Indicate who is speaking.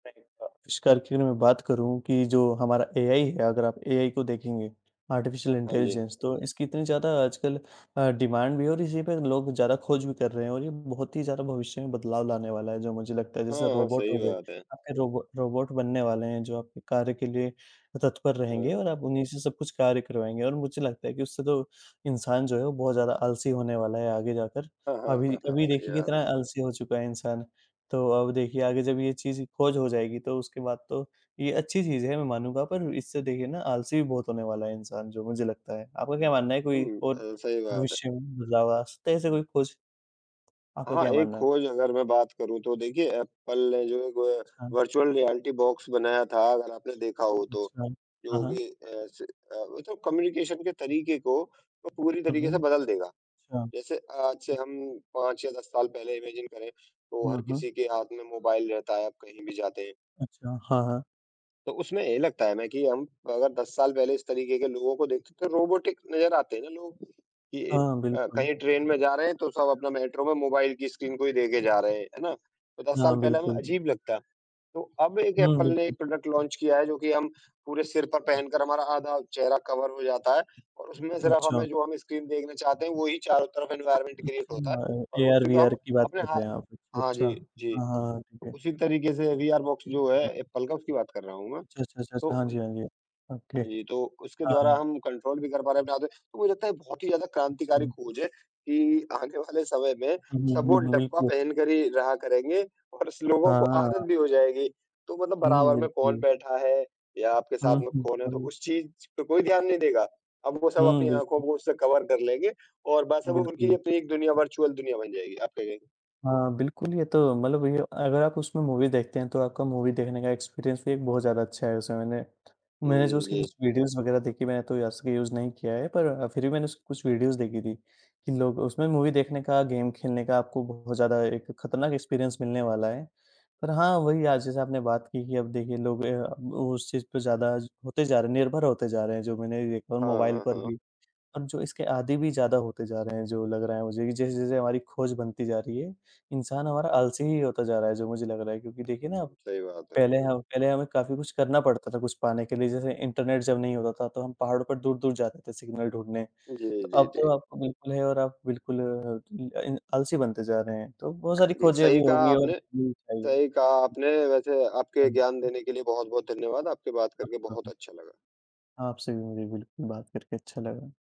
Speaker 1: नहीं हुआ। अविष्कार की मैं बात करूँ कि जो हमारा एआई है, अगर आप एआई को देखेंगे, आर्टिफिशियल
Speaker 2: हाँ जी।
Speaker 1: इंटेलिजेंस, तो इसकी इतनी ज़्यादा आजकल अ, डिमांड भी है और इसी पे लोग ज़्यादा खोज भी कर रहे हैं और ये बहुत ही ज़्यादा भविष्य में बदलाव लाने वाला है, जो मुझे लगता है। जैसे
Speaker 2: हाँ, हाँ।
Speaker 1: रोबोट
Speaker 2: सही
Speaker 1: हो गए,
Speaker 2: बात है।
Speaker 1: आपके रोबो रोबोट बनने वाले हैं, जो आपके कार्य के लिए अ, तत्पर रहेंगे और
Speaker 2: हाँ।
Speaker 1: आप उन्हीं से सब कुछ कार्य करवाएँगे। और मुझे लगता है कि उससे तो इंसान जो है, वो बहुत ज़्यादा आलसी होने वाला है आगे जाकर,
Speaker 2: हाँ, हाँ,
Speaker 1: अभी
Speaker 2: हाँ, हाँ।
Speaker 1: अभी
Speaker 2: सही
Speaker 1: देखिए
Speaker 2: बात
Speaker 1: कितना
Speaker 2: है।
Speaker 1: आलसी हो चुका है इंसान। तो अब देखिए, आगे जब ये चीज़ खोज हो जाएगी, तो उसके बाद तो ये अच्छी चीज़ है, मैं मानूँगा, पर इससे देखिए ना आलसी भी बहुत होने वाला है इंसान, जो मुझे लगता है। आपका क्या मानना है, कोई
Speaker 2: हुँ।
Speaker 1: और
Speaker 2: अ, सही बात है।
Speaker 1: भविष्य में बदलाव आ सकता है, ऐसा कोई खोज? आपका
Speaker 2: हाँ,
Speaker 1: क्या
Speaker 2: एक
Speaker 1: मानना है?
Speaker 2: खोज अगर मैं बात करूँ तो देखिए, एप्पल जो एक ओ, अ,
Speaker 1: हाँ।
Speaker 2: वर्चुअल रियलिटी बॉक्स बनाया था अगर आपने देखा हो तो,
Speaker 1: अच्छा। हाँ,
Speaker 2: जो
Speaker 1: हाँ।
Speaker 2: कि अ, से अ, वो तो कम्युनिकेशन के तरीके को वो पूरी
Speaker 1: हुँ,
Speaker 2: तरीके से
Speaker 1: हुँ।
Speaker 2: बदल देगा।
Speaker 1: अच्छा।
Speaker 2: जैसे आज से हम 5 या 10 साल पहले इमैजिन करें, तो
Speaker 1: हुँ,
Speaker 2: हर
Speaker 1: हुँ।
Speaker 2: किसी के हाथ में मोबाइल रहता है, आप कहीं भी जाते हैं।
Speaker 1: अच्छा। हाँ, हाँ।
Speaker 2: तो उसमें यही लगता है ना कि हम अगर 10 साल पहले इस तरीके के लोगों को देखते, तो रोबाटिक नज़र आते हैं ना लोग कि
Speaker 1: हाँ,
Speaker 2: अ,
Speaker 1: बिल्कुल।
Speaker 2: कहीं ट्रेन में जा रहे हैं, तो सब अपना मेट्रो में मोबाइल की स्क्रीन को ही देखे जा रहे हैं, है ना, तो 10
Speaker 1: हाँ,
Speaker 2: साल पहले हमें
Speaker 1: बिल्कुल।
Speaker 2: अजीब लगता। तो अब एक
Speaker 1: हुँ,
Speaker 2: एप्पल ने
Speaker 1: बिल्कुल।
Speaker 2: एक प्रोडक्ट लॉन्च किया है, जो कि हम पूरे सिर पर पहनकर हमारा आधा चेहरा कवर हो जाता है, और उसमें सफ़र्फ
Speaker 1: अच्छा।
Speaker 2: हमें जो हम स्क्रीन देखना चाहते हैं, वो ही चारों तरफ एनवायरनमेंट क्रिएट होता है,
Speaker 1: अच्छा, ए
Speaker 2: और उसी को
Speaker 1: एआर-वीआर
Speaker 2: हम
Speaker 1: की बात
Speaker 2: अपने
Speaker 1: कर
Speaker 2: हाँ,
Speaker 1: रहे हैं आप। अच्छा,
Speaker 2: हाँ,
Speaker 1: अच्छा।
Speaker 2: जी, जी।
Speaker 1: हाँ, हाँ, हाँ, ठीक है।
Speaker 2: उसी तरीके से विआर बॉक्स जो है एप्पल का, उसकी बात कर रहा हूँ मैं।
Speaker 1: अच्छा, अच्छा,
Speaker 2: तो
Speaker 1: अच्छा। हाँ
Speaker 2: उइ
Speaker 1: जी, हाँ जी। ओके।
Speaker 2: हाँ जी,
Speaker 1: हाँ,
Speaker 2: तो उसके द्वारा
Speaker 1: हाँ।
Speaker 2: हम कंट्रोल भी कर पा रहे थे आद तो मुझे लगता है बहुत ही ज़्यादा क्रांतिकारी
Speaker 1: अच्छा।
Speaker 2: खोज है कि आने वाले समय में,
Speaker 1: हुँ,
Speaker 2: सब वो
Speaker 1: हुँ, हुँ,
Speaker 2: डब्बा
Speaker 1: बिल्कुल।
Speaker 2: पहनकर ही रहा करेंगे और इस लोगों
Speaker 1: हाँ,
Speaker 2: को
Speaker 1: हाँ।
Speaker 2: आदत भी हो जाएगी। तो मतलब
Speaker 1: हुँ,
Speaker 2: बराबर में कौन
Speaker 1: बिल्कुल।
Speaker 2: बैठा है या आपके साथ
Speaker 1: हुँ,
Speaker 2: में
Speaker 1: हुँ।
Speaker 2: कौन है, तो
Speaker 1: है य
Speaker 2: उस चीज पे कोई ध्यान नहीं देगा, अब वो सब
Speaker 1: हुँ,
Speaker 2: अपनी आँखों
Speaker 1: बिल्कुल।
Speaker 2: को उससे कवर कर लेंगे और बस अब उनकी
Speaker 1: बिल्कुल।
Speaker 2: अपनी एक दुनिया, वर्चुअल दुनिया बन जाएगी। आप क्या कह
Speaker 1: हाँ, बिल्कुल, ये तो मतलब ये ओ अगर आप उसमें मूवी देखते हैं, तो आपका मूवी देखने का एक्सपीरियंस भी बहुत ज़्यादा अच्छा है। उसे मैंने मैंने जो
Speaker 2: हुँ,
Speaker 1: उसकी
Speaker 2: जी।
Speaker 1: कुछ वीडियोज़ वगैरह देखी, मैंने तो असली यूज़ नहीं किया है। पर अ, फिर भी मैंने कुछ वीडियोज़ देखी थी कि लोग उसमें मूवी देखने का, गेम खेलने का आपको बहुत ज़्यादा एक खतरनाक एक्सपीरियंस मिलने वाला है। पर हाँ, वही आज जैसा आपने बात की कि अब देखिए, लोग अ, अब उस चीज़ पे ज़्यादा ज होते जा रहे निर्भर होते जा रहे हैं जो मैंने भी देखा, और
Speaker 2: हाँ,
Speaker 1: मोबाइल
Speaker 2: हाँ,
Speaker 1: पर
Speaker 2: हाँ।
Speaker 1: भी, और जो इसके आदी भी ज़्यादा होते जा रहे हैं जो लग रहा है मुझे, कि जैसे-जैसे हमारी खोज बनती जा रही है, इंसान हमारा आलसी ही होता जा रहा है जो मुझे लग रहा है। क्योंकि देखिए ना,
Speaker 2: हुँ, सही बात है।
Speaker 1: पहले हम पहले हमें काफ़ी कुछ करना पड़ता था कुछ पाने के लिए, जैसे इंटरनेट जब नहीं होता था तो हम पहाड़ों पर दूर-दूर जाते थे सिग्नल ढूँढने। तो
Speaker 2: जी, जी,
Speaker 1: अब
Speaker 2: जी।
Speaker 1: तो आपको बिल्कुल है, और आप बिल्कुल इ अ, इन आलसी बनते जा रहे हैं। तो बहुत सारी
Speaker 2: जी,
Speaker 1: खोजें अभी
Speaker 2: सही कहा
Speaker 1: होंगी और
Speaker 2: आपने।
Speaker 1: होनी चाहिए।
Speaker 2: सही कहा आपने, वैसे आपके
Speaker 1: हाँ।
Speaker 2: ज्ञान
Speaker 1: हुँ।
Speaker 2: देने के लिए बहुत-बहुत धन्यवाद, आपसे बात करके
Speaker 1: आपका
Speaker 2: बहुत
Speaker 1: भी।
Speaker 2: अच्छा लगा।
Speaker 1: आपसे भी मुझे बिल्कुल बात करके अच्छा लगा।